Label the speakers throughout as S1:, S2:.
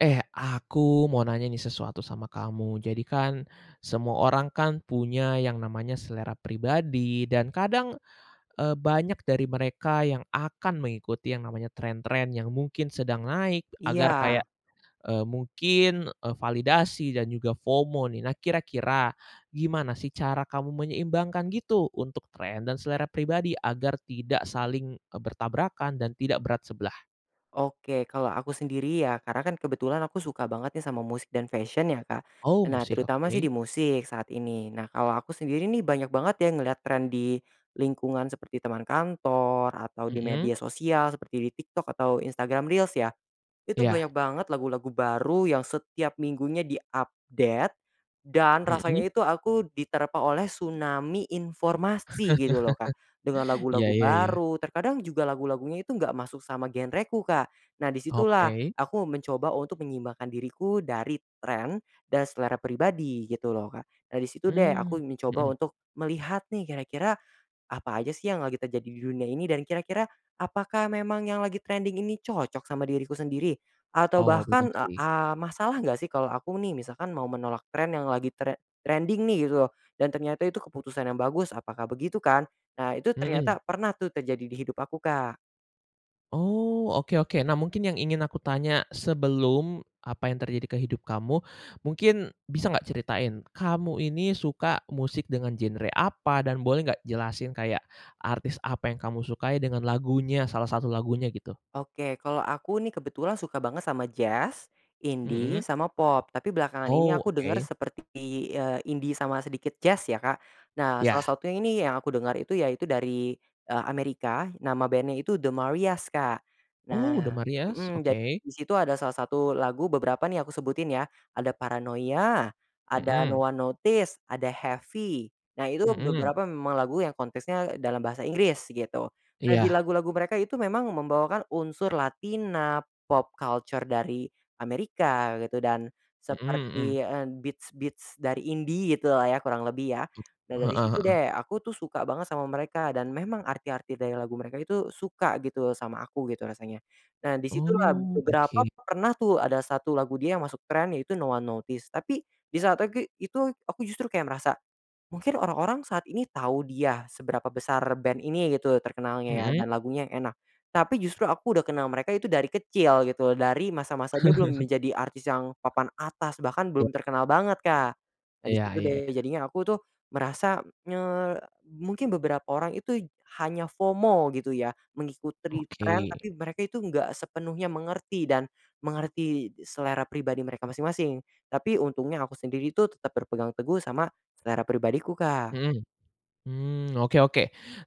S1: Eh, aku mau nanya nih sesuatu sama kamu, jadikan, semua orang kan punya yang namanya selera pribadi dan kadang, eee, banyak dari mereka yang akan mengikuti yang namanya trend-trend yang mungkin sedang naik, agar kayak,
S2: Iya.
S1: eee, mungkin, eee, validasi dan juga FOMO nih. Nah kira-kira, gimana sih cara kamu menyeimbangkan gitu untuk trend dan selera pribadi agar tidak saling, eee, bertabrakan dan tidak berat sebelah?
S2: Oke, kalau aku sendiri ya karena kan kebetulan aku suka banget ya sama musik dan fashion ya Kak.
S1: Oh,
S2: Nah
S1: musik,
S2: terutama sih di
S1: oke.
S2: musik saat ini. Nah kalau aku sendiri nih banyak banget ya ngelihat trend di lingkungan seperti teman kantor, atau di
S1: Mhm.
S2: media sosial seperti di TikTok atau Instagram Reels ya. Itu
S1: Iya.
S2: banyak banget lagu-lagu baru yang setiap minggunya di-update, dan rasanya
S1: Mhm.
S2: itu aku diterpa oleh tsunami informasi gitu loh Kak. Dengan
S1: Iya
S2: lagu-lagu
S1: iya iya.
S2: baru, terkadang juga lagu-lagunya itu enggak masuk sama genreku Kak. Nah di situlah
S1: Oke.
S2: aku mencoba untuk menyeimbangkan diriku dari trend dan selera pribadi gitu loh Kak. Nah di situ deh
S1: Mmm,
S2: aku mencoba
S1: mhm.
S2: untuk melihat nih kira-kira apa aja sih yang lagi terjadi di dunia ini dan kira-kira apakah memang yang lagi trending ini cocok sama diriku sendiri? Atau
S1: Oh, bener
S2: bahkan, eee
S1: sih.
S2: eee, masalah nggak sih kalau aku nih misalkan mau menolak trend yang lagi tre trending nih gitu lo, dan ternyata itu keputusan yang bagus, apakah begitu kan? Nah, itu
S1: Mhm.
S2: ternyata pernah tuh terjadi di hidup aku Kak.
S1: Oh, oke oke, nah mungkin yang ingin aku tanya sebelum apa yang terjadi ke hidup kamu, mungkin bisa nggak ceritain, kamu ini suka musik dengan genre apa dan boleh nggak jelasin kayak artis apa yang kamu sukai dengan lagunya, salah satu lagunya gitu?
S2: Oke, kalau aku nih kebetulan suka banget sama jazz, indie,
S1: Mhm.
S2: sama pop. Tapi belakangan ini
S1: Oh,
S2: aku denger
S1: oke.
S2: seperti, eee, indie sama sedikit jazz ya Kak. Nah, salah
S1: Ya.
S2: satunya ini yang aku denger itu yaitu dari, eee, Amerika, nama bandnya itu The Marias, Kak.
S1: Oh, The
S2: Nah
S1: Marias,
S2: mhm, ja
S1: oke.
S2: di situ ada salah satu lagu beberapa nih aku sebutin ya. Ada Paranoia, ada No
S1: Mhm.
S2: One Notice, ada Heavy. Nah itu
S1: Mhm.
S2: beberapa memang lagu yang konteksnya dalam bahasa Inggris gitu. Nah
S1: Iya.
S2: dilagu-lagu mereka itu memang membawakan unsur pop culture dari Amerika gitu, dan
S1: Mhm mhm.
S2: seperti, eee, beats-beats dari indie gitulah ya kurang lebih ya. Nah
S1: Heeh
S2: dari situ
S1: heeh.
S2: deh aku tuh suka banget sama mereka dan memang arti-arti dari lagu mereka itu suka gitu sama aku gitu rasanya. Nah di situlah,
S1: Oh,
S2: beberapa
S1: oke.
S2: pernah tuh ada 1 lagu dia yang masuk trend yaitu No One Notice, tapi di saat tegi itu aku justru kayak merasa, mungkin orang-orang saat ini tahu dia, seberapa besar band ini gitu terkenalnya ya
S1: Mhm.
S2: dan lagunya yang enak. Tapi justru aku udah kenal mereka itu dari kecil gitu loh, dari masa-masa dia belum menjadi artis yang papan atas bahkan
S1: Ya.
S2: belum terkenal banget Kak. Nah di
S1: Iya
S2: situ
S1: iya
S2: deh,
S1: iya.
S2: jadinya aku tuh merasa nye mungkin beberapa orang itu hanya FOMO gitu ya, mengikuti trend
S1: Oke.
S2: tapi mereka itu enggak sepenuhnya mengerti dan mengerti selera pribadi mereka masing-masing. Tapi untungnya aku sendiri itu tetap berpegang teguh sama selera pribadiku Kak.
S1: Mhm, mmm, oke oke.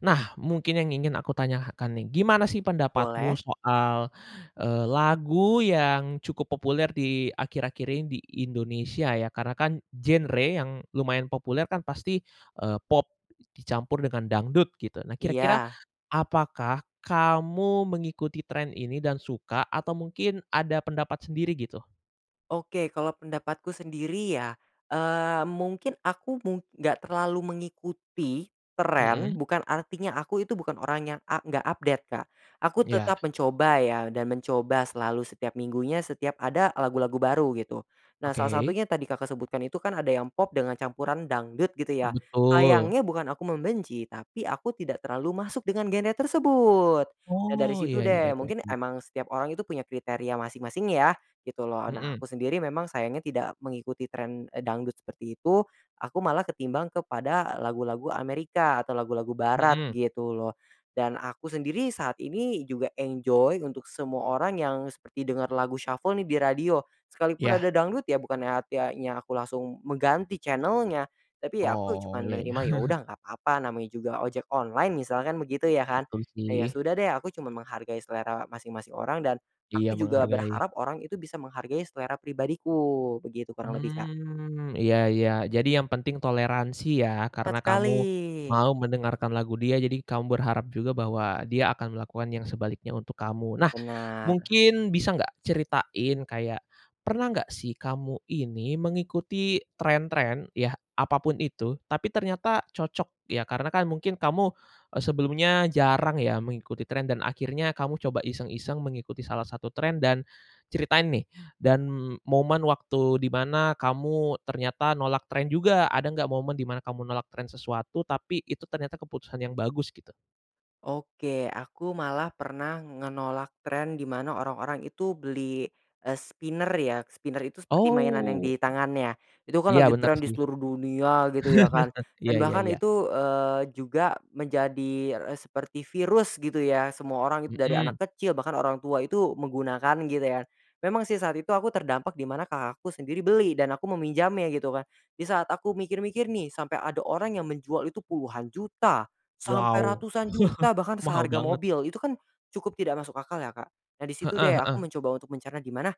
S1: Nah, mungkin yang ingin aku tanyakan nih, gimana sih pendapatmu
S2: Boleh.
S1: soal, eee, lagu yang cukup populer di akhir-akhir ini di Indonesia ya, karena kan genre yang lumayan populer kan pasti, eee, pop dicampur dengan dangdut gitu. Nah kira-kira
S2: Iya.
S1: apakah kamu mengikuti trend ini dan suka atau mungkin ada pendapat sendiri gitu?
S2: Oke, kalau pendapatku sendiri ya, eee, mungkin aku mung enggak terlalu mengikuti tren
S1: Mhm.
S2: bukan artinya aku itu bukan orang yang a enggak update Kak, aku
S1: Iya.
S2: tetap mencoba ya dan mencoba selalu setiap minggunya setiap ada lagu-lagu baru gitu. Nah, salah
S1: Oke.
S2: satunya tadi Kakak sebutkan itu kan ada yang pop dengan campuran dangdut gitu ya,
S1: Betul.
S2: sayangnya bukan aku membenci tapi aku tidak terlalu masuk dengan genre tersebut. Nah, dari
S1: Oh,
S2: situ
S1: ya ya,
S2: deh
S1: baik baik
S2: mungkin
S1: baik.
S2: emang setiap orang itu punya kriteria masing-masing ya gitu loh. Nah,
S1: Mhm.
S2: aku sendiri memang sayangnya tidak mengikuti tren, eee, dangdut seperti itu, aku malah ketimbang kepada lagu-lagu Amerika atau lagu-lagu barat
S1: Mhm.
S2: gitu loh dan aku sendiri saat ini juga enjoy untuk semua orang yang seperti dengar lagu shuffle nih di radio, sekalipun
S1: Ya.
S2: ada dangdut ya bukannya artiannya aku langsung mengganti channel-nya, tapi ya aku
S1: Oh,
S2: cuman
S1: ya ya.
S2: menerima ya udah nggak papa namanya juga ojek online misalkan begitu ya kan,
S1: Betul
S2: ya
S1: sih.
S2: sudah deh aku cuma menghargai selera masing-masing orang dan,
S1: Iya,
S2: aku juga
S1: menghargai.
S2: berharap orang itu bisa menghargai selera pribadiku begitu kurang lebih Kak.
S1: Mmm, iya iya, jadi yang penting toleransi ya
S2: Tepat
S1: karena kamu,
S2: sekali.
S1: mau mendengarkan lagu dia jadi kamu berharap juga bahwa dia akan melakukan yang sebaliknya untuk kamu. Nah,
S2: Benar.
S1: mungkin bisa nggak ceritain kayak, pernah nggak sih kamu ini mengikuti tren-tren ya apa pun itu tapi ternyata cocok ya karena kan mungkin kamu, eee, sebelumnya jarang ya mengikuti tren dan akhirnya kamu coba iseng-iseng mengikuti salah satu trend dan, ceritain nih dan momen waktu di mana kamu ternyata nolak tren juga ada nggak momen di mana kamu nolak tren sesuatu tapi itu ternyata keputusan yang bagus gitu?
S2: Oke, aku malah pernah ngenolak trend di mana orang-orang itu beli, eee, spinner ya spinner itu seperti mainan yang
S1: Oh.
S2: di tangan ya itu kan
S1: Iya,
S2: lagi
S1: bener
S2: tren di
S1: sih.
S2: seluruh dunia gitu ya kan,
S1: Iya
S2: dan
S1: iya
S2: bahkan
S1: iya.
S2: itu, eee, juga menjadi e seperti virus gitu ya semua orang itu dari anak
S1: Mhm.
S2: kecil bahkan orang tua itu menggunakan gitu ya, memang sih saat itu aku terdampak di mana Kakakku sendiri beli dan aku meminjamnya gitu kan, di saat aku mikir-mikir nih sampai ada orang yang menjual itu puluhan juta, sampai
S1: Wow.
S2: ratusan juta bahkan
S1: Mahal
S2: seharga
S1: banget.
S2: mobil itu kan, cukup tidak masuk akal ya Kak. Nah di situ
S1: Heeh
S2: deh aku
S1: heeh.
S2: mencoba untuk mencerna gimana,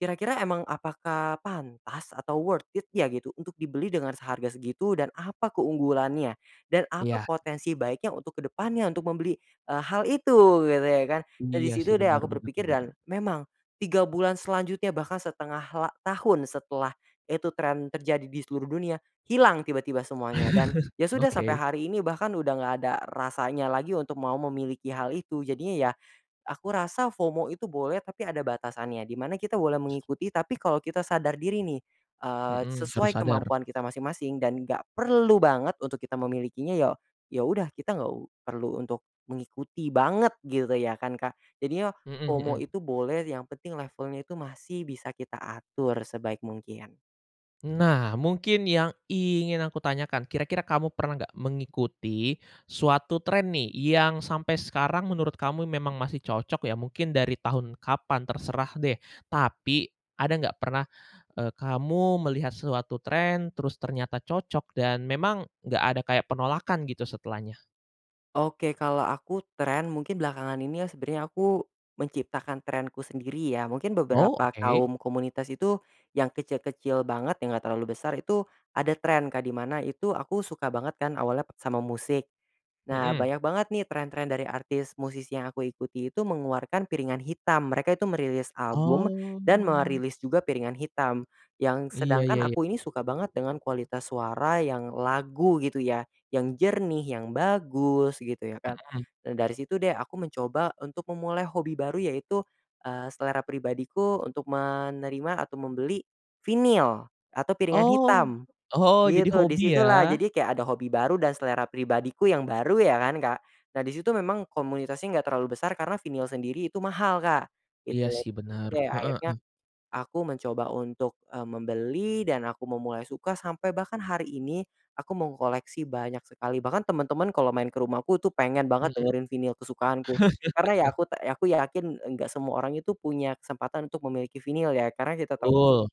S2: kira-kira emang apakah pantas atau worth it ya gitu untuk dibeli dengan seharga segitu dan apa keunggulannya, dan apa
S1: Iya.
S2: potensi baiknya untuk ke depannya untuk membeli, eee, hal itu gitu ya kan dan di
S1: Iya sih,
S2: situ deh
S1: bener
S2: aku
S1: bener
S2: berpikir dan
S1: bener.
S2: memang, 3 bulan selanjutnya bahkan 1/2 la tahun setelah, itu tren terjadi di seluruh dunia hilang tiba-tiba semuanya dan ya sudah sampai
S1: Oke.
S2: hari ini bahkan udah nggak ada rasanya lagi untuk mau memiliki hal itu. Jadinya ya, aku rasa FOMO itu boleh tapi ada batasannya di mana kita boleh mengikuti tapi kalau kita sadar diri nih, eee,
S1: Mhm, harus
S2: sesuai
S1: sadar.
S2: kemampuan kita masing-masing dan gak perlu banget untuk kita memilikinya ya, ya udah kita nggak u perlu untuk mengikuti banget gitu ya kan Kak. Jadinya
S1: Mhm
S2: FOMO
S1: mhm.
S2: itu boleh yang penting levelnya itu masih bisa kita atur sebaik mungkin.
S1: Nah, mungkin yang ingin aku tanyakan, kira-kira kamu pernah enggak mengikuti suatu tren nih, yang sampai sekarang menurut kamu memang masih cocok ya, mungkin dari tahun kapan terserah deh, tapi, ada nggak pernah, eee, kamu melihat suatu tren, terus ternyata cocok, dan memang enggak ada kayak penolakan gitu setelahnya?
S2: Oke, kalau aku tren, mungkin belakangan ini ya sebenernya aku menciptakan trenku sendiri ya. Mungkin
S1: Oh,
S2: beberapa
S1: oke.
S2: kaum komunitas itu, yang kecil-kecil banget, yang enggak terlalu besar, itu ada tren Kak, di mana itu aku suka banget kan awalnya p sama musik. Nah,
S1: Mhm.
S2: banyak banget nih tren-tren dari artis musisi yang aku ikuti itu mengeluarkan piringan hitam. Mereka itu merilis album dan
S1: Oh.
S2: merilis juga piringan hitam. Yang
S1: Iya iya
S2: sedangkan
S1: iya.
S2: aku ini suka banget dengan kualitas suara yang lagu gitu ya, yang jernih, yang bagus gitu ya kan.
S1: Mhm.
S2: Nah, dari situ deh aku mencoba untuk memulai hobi baru yaitu, eee, selera pribadiku untuk menerima atau membeli vinyl atau piringan
S1: Oh,
S2: hitam,
S1: oh, jadi
S2: gitu. Di
S1: hobi
S2: situlah,
S1: ya?
S2: jadi kayak ada hobi baru dan selera pribadiku yang baru ya kan, Kak? Nah, di situ memang komunitasnya enggak terlalu besar, karena vinyl sendiri itu mahal Kak,
S1: Iya,
S2: gitu.
S1: sih,
S2: Gitu
S1: benar.
S2: deh,
S1: Heeh
S2: akhirnya,
S1: heeh.
S2: aku mencoba untuk, eee, membeli, dan aku memulai suka sampai bahkan hari ini aku mengkoleksi banyak sekali. Bahkan teman-teman kalau main ke rumahku tuh pengen banget
S1: Mhm?
S2: dengerin vinyl kesukaanku. Karena ya aku ta ya, aku yakin enggak semua orang itu punya kesempatan untuk memiliki vinyl ya, karena kita tahui,
S1: Betul.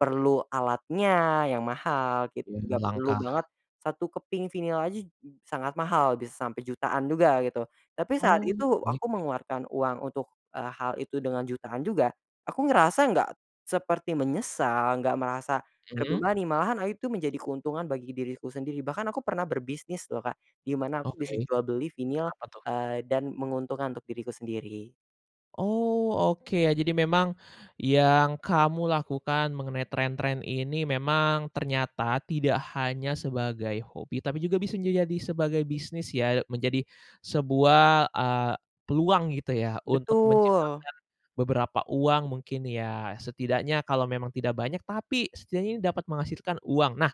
S2: perlu alatnya yang mahal, gitu. Juga
S1: [unintelligible]
S2: perlu
S1: langkah.
S2: banget, 1 keping vinyl aja, j sangat mahal, bisa sampai jutaan juga, gitu. Tapi saat
S1: Oh,
S2: itu,
S1: baik
S2: aku
S1: baik.
S2: mengeluarkan uang untuk, eee, hal itu dengan jutaan juga, aku ngerasa enggak seperti menyesal, enggak merasa
S1: Mmm?
S2: terbebani, malahan a itu, menjadi keuntungan bagi diriku sendiri. Bahkan aku pernah berbisnis loh Kak, di mana aku
S1: Oke.
S2: bisa jual beli vinyl,
S1: Kenapa tuh?
S2: eee, dan menguntungkan untuk diriku sendiri.
S1: Oh, oke. Ya jadi memang, yang kamu lakukan mengenai tren-tren ini memang ternyata tidak hanya sebagai hobi, tapi juga bisa menjadi jadi sebagai bisnis ya? Menjadi sebuah, eee, peluang gitu ya, untuk
S2: Betul.
S1: menciptakan beberapa uang mungkin ya? Setidaknya kalau memang tidak banyak, tapi setidaknya ini dapat menghasilkan uang. Nah,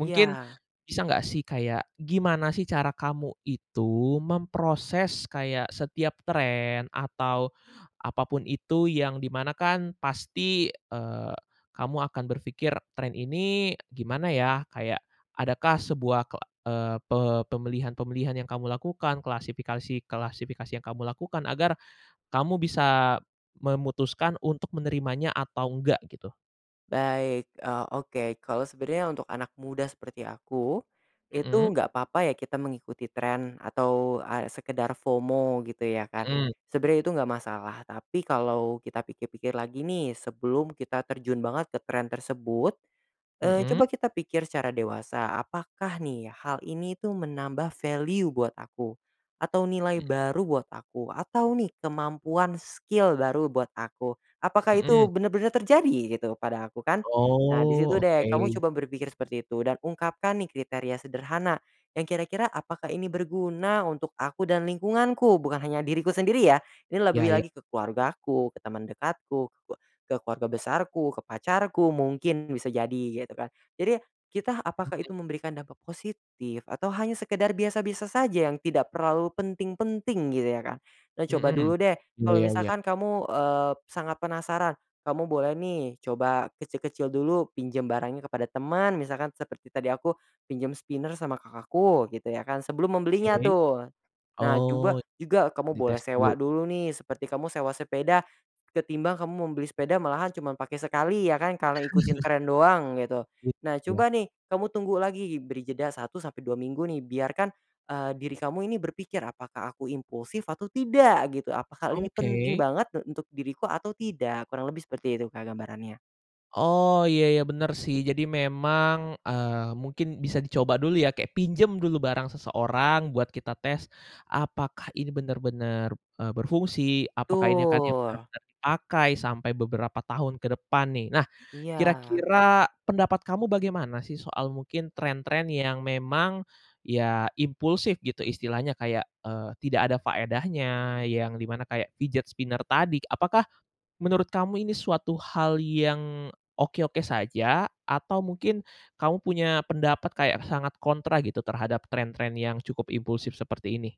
S1: mungkin bisa nggak sih kayak, gimana sih cara kamu itu memproses kayak setiap tren, atau apapun itu, yang di mana kan pasti, eee, kamu akan berpikir tren ini gimana ya? Kayak adakah sebuah ke eee, pe pemilihan-pemilihan yang kamu lakukan, klasifikasi-klasifikasi yang kamu lakukan, agar kamu bisa memutuskan untuk menerimanya atau enggak gitu?
S2: Baik. Oh, oke. Kalau sebenarnya untuk anak muda seperti aku, itu
S1: Mhm.
S2: enggak papa ya, kita mengikuti tren, atau a sekedar FOMO, gitu ya kan.
S1: Mhm.
S2: Sebenarnya itu enggak masalah, tapi kalau kita pikir-pikir lagi nih, sebelum kita terjun banget ke trend tersebut, eee, coba
S1: Mhm.
S2: kita pikir secara dewasa, apakah nih hal ini tuh menambah value buat aku? Atau nilai
S1: Mhm.
S2: baru buat aku, atau nih kemampuan skill baru buat aku. Apakah itu
S1: Mhm.
S2: benar-benar terjadi gitu pada aku, kan? Nah di
S1: Oh,
S2: situ deh kamu
S1: oke.
S2: coba berpikir seperti itu, dan ungkapkan nih kriteria sederhana, yang kira-kira apakah ini berguna untuk aku dan lingkunganku, bukan hanya diriku sendiri ya, ini
S1: Ya
S2: lebih
S1: ya.
S2: lagi ke keluargaku, ke teman dekatku, ke keluarga besarku, ke pacarku, mungkin bisa jadi gitu kan? Jadi, kita apakah itu
S1: Mhm.
S2: memberikan dampak positif, atau hanya sekedar biasa-biasa saja yang tidak terlalu penting-penting, gitu ya, Kak. Nah coba
S1: Mhm,
S2: dulu deh,
S1: iya,
S2: kalau
S1: ya ya.
S2: misalkan kamu, eee, sangat penasaran, kamu boleh nih, coba kecil-kecil dulu, pinjam barangnya kepada teman, misalkan seperti tadi aku pinjam spinner sama kakakku gitu ya kan, sebelum membelinya
S1: Oke.
S2: tuh. Nah,
S1: Oh,
S2: coba juga kamu boleh
S1: dites
S2: sewa
S1: dulu.
S2: dulu nih, seperti kamu sewa sepeda, ketimbang kamu membeli sepeda malahan cuman pakai sekali ya kan, karena ikutin tren doang, gitu. Nah coba
S1: Iya.
S2: nih, kamu tunggu lagi, beri jeda 1 sampai 2 minggu nih, biarkan, eee, diri kamu ini berpikir, "Apakah aku impulsif atau tidak?" Gitu, "Apakah hal ini penting
S1: Oke.
S2: banget, e untuk diriku atau tidak?" Kurang lebih seperti itu, Kak, gambarannya.
S1: Oh, iya, ya, benar sih. Jadi memang, eee, mungkin bisa dicoba dulu ya, kayak pinjam dulu barang seseorang buat kita tes, apakah ini benar-benar, eee, berfungsi? Apakah ini akan yang
S2: Betul.
S1: benar-benar dipakai, sampai beberapa tahun ke depan nih? Nah,
S2: Iya.
S1: kira-kira pendapat kamu bagaimana sih soal mungkin tren-tren yang memang, ya impulsif gitu, istilahnya kayak, eee, tidak ada faedahnya, yang di mana kayak fidget spinner tadi. Apakah menurut kamu ini suatu hal yang, oke-oke saja, atau mungkin kamu punya pendapat kayak sangat kontra gitu, terhadap tren-tren yang cukup impulsif seperti ini?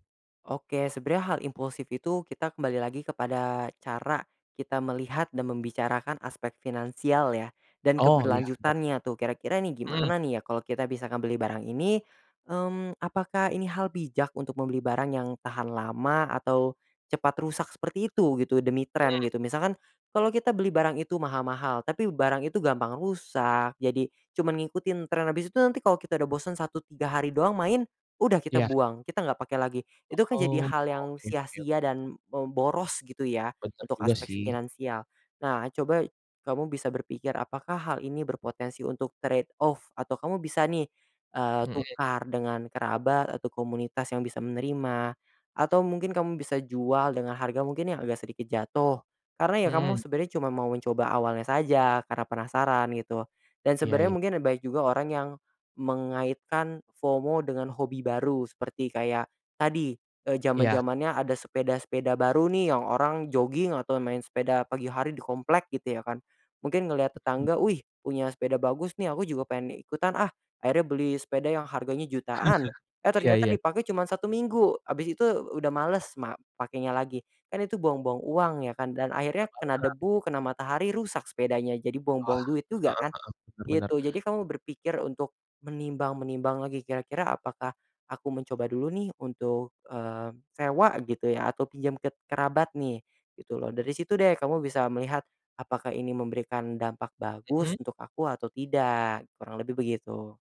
S2: Oke, sebenarnya hal impulsif itu kita kembali lagi kepada cara kita melihat, dan membicarakan aspek finansial ya, dan
S1: Oh, iya, benar.
S2: keberlanjutannya tuh. Kira-kira ini
S1: Mhm.
S2: gimana nih ya, kalau kita bisa ngebeli barang ini, mmm, apakah ini hal bijak untuk membeli barang yang tahan lama, atau cepat rusak seperti itu gitu, demi tren,
S1: Mhm.
S2: gitu. Misalkan, kalau kita beli barang itu mahal-mahal, tapi barang itu gampang rusak, jadi, cuman ngikutin tren habis itu nanti kalau kita udah bosan, 1, 3 hari doang main, udah kita
S1: Iya.
S2: buang, kita nggak pakai lagi. Itu kan jadi
S1: Oh,
S2: hal yang
S1: oke oke
S2: sia-sia
S1: oke.
S2: dan, mmm, boros gitu ya,
S1: Benar
S2: untuk
S1: juga,
S2: aspek
S1: sih.
S2: finansial. Nah, coba kamu bisa berpikir apakah hal ini berpotensi untuk trade off, atau kamu bisa nih, eee,
S1: Mhm.
S2: tukar dengan kerabat, atau komunitas yang bisa menerima, atau mungkin kamu bisa jual dengan harga mungkin yang agak sedikit jatuh. Karena ya kamu
S1: Mhm.
S2: sebenarnya cuma mau mencoba awalnya saja, karena penasaran, gitu. Dan
S1: Iya
S2: sebenarnya
S1: iya.
S2: mungkin banyak juga orang yang mengaitkan FOMO dengan hobi baru. Seperti kayak, tadi, eee,
S1: Iya.
S2: zaman-zamannya ada sepeda-sepeda baru nih, yang orang jogging, atau main sepeda pagi hari di komplek, gitu ya kan? Mungkin ngelihat
S1: Mhm.
S2: tetangga, "Wih, punya sepeda bagus nih, aku juga pengen ikutan ah!" Akhirnya beli sepeda yang harganya jutaan, eh,
S1: Iya
S2: ternyata
S1: iya.
S2: dipakai cuma 1 minggu, habis itu u udah males mak pakainya lagi. Kan itu buang-buang uang ya kan? Dan akhirnya kena
S1: [unintelligible]
S2: debu, kena matahari rusak sepedanya. Jadi
S1: Wah,
S2: buang-buang duit juga kan?
S1: heeh heeh. Benar benar.
S2: Gitu. Jadi kamu berpikir untuk menimbang-menimbang lagi, kira-kira apakah aku mencoba dulu nih, untuk, eee, sewa gitu ya, atau pinjam ke kerabat nih, gitu loh. Dari situ deh kamu bisa melihat apakah ini memberikan dampak
S1: Mhm.
S2: bagus untuk aku atau tidak, kurang lebih begitu.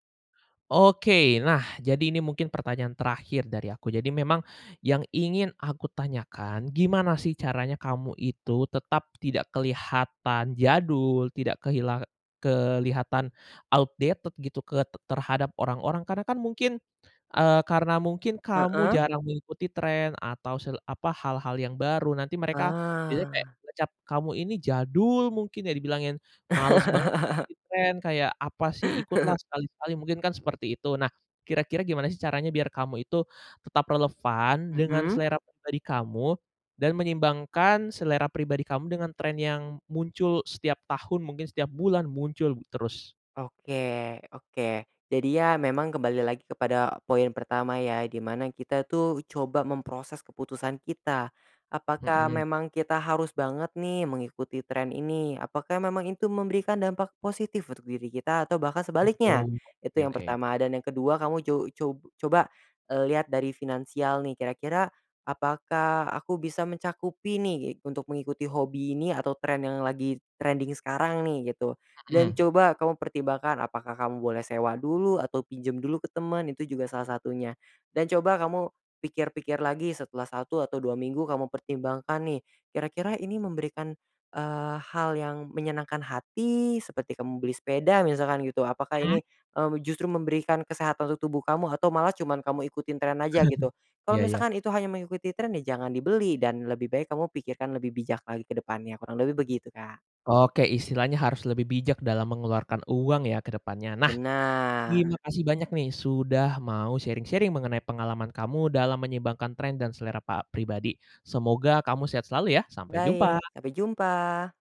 S1: Oke. Nah, jadi ini mungkin pertanyaan terakhir dari aku. Jadi memang yang ingin aku tanyakan, gimana sih caranya kamu itu tetap tidak kelihatan jadul, tidak kehilang kelihatan outdated gitu ke t terhadap orang-orang? Karena kan mungkin, eee, karena mungkin kamu
S2: Heeh?
S1: jarang mengikuti tren atau sel apa, hal-hal yang baru, nanti mereka biasanya kayak
S2: Ah.
S1: ngecap kamu ini jadul mungkin ya, dibilangin, malas banget ikuti tren, kayak, "Apa sih, ikutlah sekali-sekali!" Mungkin kan seperti itu. Nah, kira-kira gimana sih caranya biar kamu itu tetap relevan dengan
S2: Mhm?
S1: selera pribadi kamu, dan menyeimbangkan selera pribadi kamu dengan tren yang muncul setiap tahun, mungkin setiap bulan, muncul terus?
S2: Oke oke. Jadi ya, memang kembali lagi kepada poin pertama ya, di mana kita tuh coba memproses keputusan kita, apakah
S1: Mhm.
S2: memang kita harus banget nih mengikuti tren ini? Apakah memang itu memberikan dampak positif untuk diri kita, atau bahkan sebaliknya?
S1: Mhm,
S2: Itu
S1: oke
S2: yang
S1: oke.
S2: pertama. Dan yang kedua kamu co co coba, eee, lihat dari finansial nih, kira-kira apakah aku bisa mencakupi ni untuk mengikuti hobi ini atau tren yang lagi trending sekarang nih, gitu. Dan
S1: Mhm.
S2: coba kamu pertimbangkan, apakah kamu boleh sewa dulu, atau pinjam dulu ke teman, itu juga salah satunya. Dan coba kamu pikir-pikir lagi, setelah 1 atau 2 minggu kamu pertimbangkan nih, kira-kira ini memberikan, eee, hal yang menyenangkan hati, seperti kamu beli sepeda, misalkan gitu, apakah
S1: Mmm?
S2: ini, mmm, justru memberikan kesehatan untuk tubuh kamu, atau malah cuman kamu ikutin tren aja gitu. Kalau
S1: Iya, ya.
S2: misalkan itu hanya mengikuti tren, ya jangan dibeli, dan lebih baik kamu pikirkan lebih bijak lagi kedepannya, kurang lebih begitu Kak.
S1: Oke, istilahnya harus lebih bijak dalam mengeluarkan uang ya ke depannya? Nah,
S2: Benar.
S1: terima kasih banyak nih sudah mau sharing-sharing mengenai pengalaman kamu dalam menyeimbangkan tren dan selera pa pribadi. Semoga kamu sehat selalu ya, sampai
S2: Baik,
S1: jumpa!
S2: sampai jumpa!